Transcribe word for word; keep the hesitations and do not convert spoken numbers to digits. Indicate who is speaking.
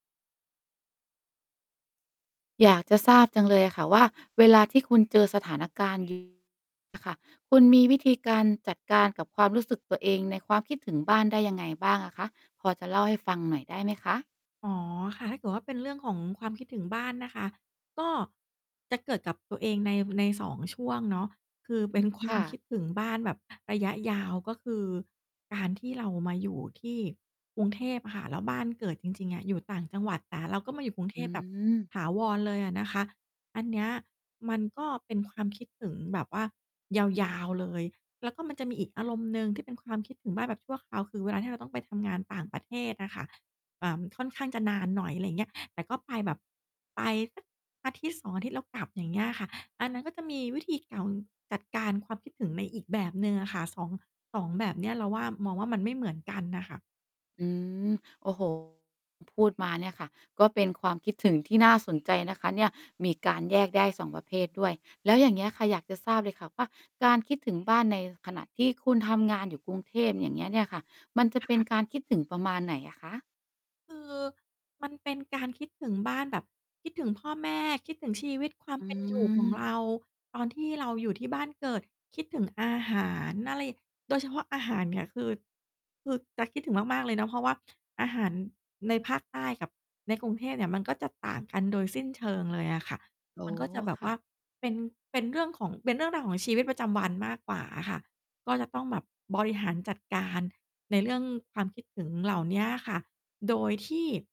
Speaker 1: อยากจะทราบจังเลยอะค่ะว่า เวลาที่คุณเจอสถาน การณ์ อะค่ะ คุณมีวิธีการจัดการกับความรู้สึกตัวเอง ในความคิดถึงบ้านได้ยังไงบ้างอะคะ? พอจะเล่าให้ฟังหน่อยได้ไหม คะ?
Speaker 2: อ๋อ ค่ะ ถ้าเกิดว่า เป็นเรื่องของความคิดถึงบ้านนะคะ ก็จะเกิดกับตัวเองใน ใน สอง ช่วงเนาะ คือเป็นคว
Speaker 1: ค
Speaker 2: าม
Speaker 1: ่
Speaker 2: ค
Speaker 1: ะ
Speaker 2: ิดถึงบ้าน แบบระยะยาว ก็คือการที่เรามาอยู่ ที่กรุงเทพอะค่ะ แล้วบ้านเกิดจริง ๆ อะ อยู่ต่างจังหวัด แต่เราก็มาอยู่กรุงเท
Speaker 1: อื
Speaker 2: พแบบ
Speaker 1: ม
Speaker 2: ถาวรเลยอะนะคะ อันเนี้ย มันก็เป็นความ คิดถึงแบบว่ายาว ๆ เลย แล้วก็มันจะมีอีกอารมณ์หนึ่ง ที่เป็นความคิดถึงบ้านแบบชั่วคราว คือเวลาที่เราต้องไปทำงานต่างประเทศอะค่ะ เอ่อ ค่อนข้างจะนานหน่อย อะไรอย่างเงี้ย แต่ก็ไปแบบไป สัก อาทิตย์สอง อาทิตย์แล้วกลับ อย่างเงี้ยค่ะ อันนั้นก็จะมีวิธีเกา จัดการความคิดถึงในอีกแบบหนึ่งอะค่ะ สอง สอง แบบเนี้ย เราว่า มองว่ามันไม่เหมือนกันน่ะค่ะ
Speaker 1: อืม โอ้โฮ คุณพูดมาเนี่ยค่ะ ก็เป็นความคิดถึงที่น่าสนใจนะคะเนี่ย มีการแยกได้ สอง ประเภทด้วย แล้วอย่างเงี้ยค่ะ อยากจะทราบเลยค่ะว่า การคิดถึงบ้าน ในขณะที่คุณทำงานอยู่กรุงเทพ อย่างเงี้ยเนี่ยค่ะ มันจะ
Speaker 2: ค
Speaker 1: เป็น
Speaker 2: ะ?
Speaker 1: การคิดถึงประมาณไหนอะคะ?
Speaker 2: คือมันเป็นการคิดถึงบ้านแบบ คิดถึงพ่อ แม่ คิดถึงชีวิต ความ
Speaker 1: อื
Speaker 2: เป็นอยู่ของเ
Speaker 1: ม
Speaker 2: รา ตอนที่เราอยู่ที่บ้านเกิด คิดถึงอาหาร อะไร โดยเฉพาะอาหารเนี่ย คือ คือจะคิดถึงมาก ๆ เลยนะ เพราะว่า อาหารในภาคใต้กับในกรุงเทพเนี่ย มันก็จะต่างกันโดยสิ้นเชิงเลยอะค่ะ
Speaker 1: โอ้
Speaker 2: มันก็จะแบบ
Speaker 1: ค
Speaker 2: ว
Speaker 1: ่
Speaker 2: ่
Speaker 1: ะ
Speaker 2: าเป็น เป็นเรื่องของ เป็นเรื่องราวของชีวิตประจำวันมากกว่าอะค่ะ ก็จะต้องแบบบริหารจัดการ ในเรื่องความคิดถึงเหล่าเนี้ยอะค่ะ โดยที่